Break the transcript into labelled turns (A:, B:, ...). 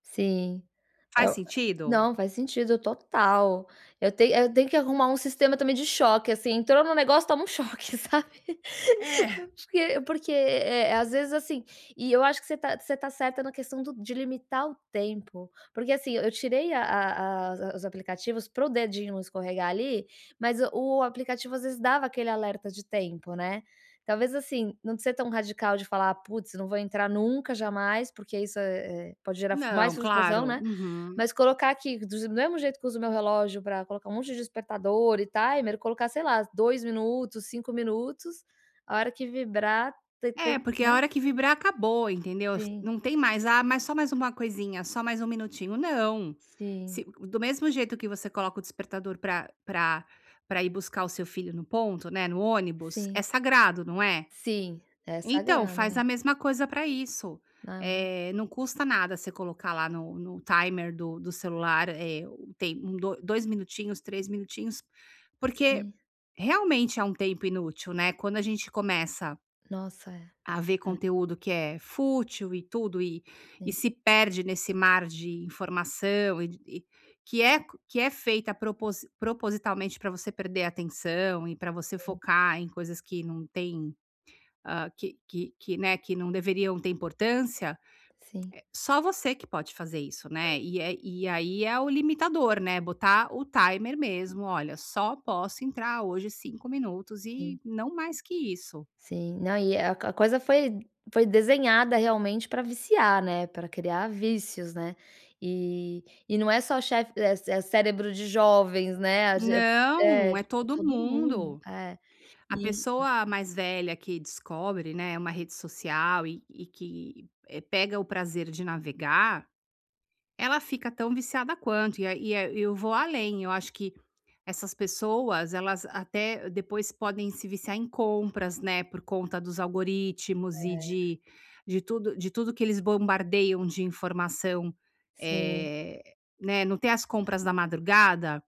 A: Sim,
B: Faz
A: oh
B: sentido?
A: Não, faz sentido total. Eu tenho tenho que arrumar um sistema também de choque assim, entrou no negócio, toma um choque, sabe? É
B: É.
A: porque porque, eh, às vezes assim, e eu acho que você está você está certa na questão do de limitar o tempo. Porque assim, eu tirei a a a os aplicativos para o dedinho não escorregar ali, mas o aplicativo às vezes dava aquele alerta de tempo, né. Talvez assim, não ser tão radical de falar: "Putz, não vou entrar nunca, jamais", porque isso, eh, pode gerar mais
B: Não,
A: frustração,
B: claro
A: né.
B: uhum.
A: Mas colocar aqui do mesmo jeito que uso meu relógio pra colocar um monte de despertador e timer, colocar, sei lá, 2 minutos, 5 minutos, a hora que vibrar, te
B: É
A: te
B: porque na
A: né?
B: hora que vibrar acabou, entendeu?
A: Sim.
B: Não tem mais. Ah, mas só mais uma coisinha, só mais um minutinho. Não.
A: Sim.
B: Se do mesmo jeito que você coloca o despertador pra pra pra ir buscar o seu filho no ponto, né, no ônibus, é
A: Sim.
B: sagrado, não é.
A: Sim, é
B: Então,
A: sagrado,
B: faz
A: é.
B: a mesma coisa pra isso.
A: Aham.
B: Eh, não custa nada você colocar lá no no timer do do celular o tempo do 2 minutinhos, 3 minutinhos, porque
A: Sim.
B: realmente é um tempo inútil, né? Quando a gente começa
A: Nossa, é,
B: a ver
A: é.
B: conteúdo que é fútil e tudo e
A: Sim.
B: se perde nesse mar de informação e que é que é feita propo propositalmente para você perder a atenção e para você
A: Sim.
B: focar em coisas que não têm, hã, que que que, né, que não deveriam ter importância.
A: Sim.
B: Só você que pode fazer isso,
A: Hã.
B: né. E aí é o limitador, né, botar o timer mesmo. Olha, só posso entrar hoje 5 minutos
A: Sim.
B: e não mais que isso.
A: Sim, não, e a coisa foi foi desenhada realmente pra viciar, né, pra criar vícios, né, e e não é só chefe é cérebro de jovens, né, a ge
B: Não,
A: é
B: é
A: tipo
B: todo
A: todo mundo.
B: mundo.
A: É,
B: A
A: e
B: pessoa mais velha que descobre, né, uma rede social e que pega o prazer de navegar, ela fica tão viciada quanto. Ia Ia e eu vou além, acho que essas pessoas, elas até depois podem se viciar em compras, né, por conta dos algoritmos e
A: É.
B: de de tudo de tudo que eles bombardeiam de informação.
A: Sim.
B: Eh, né, não tem as compras da madrugada?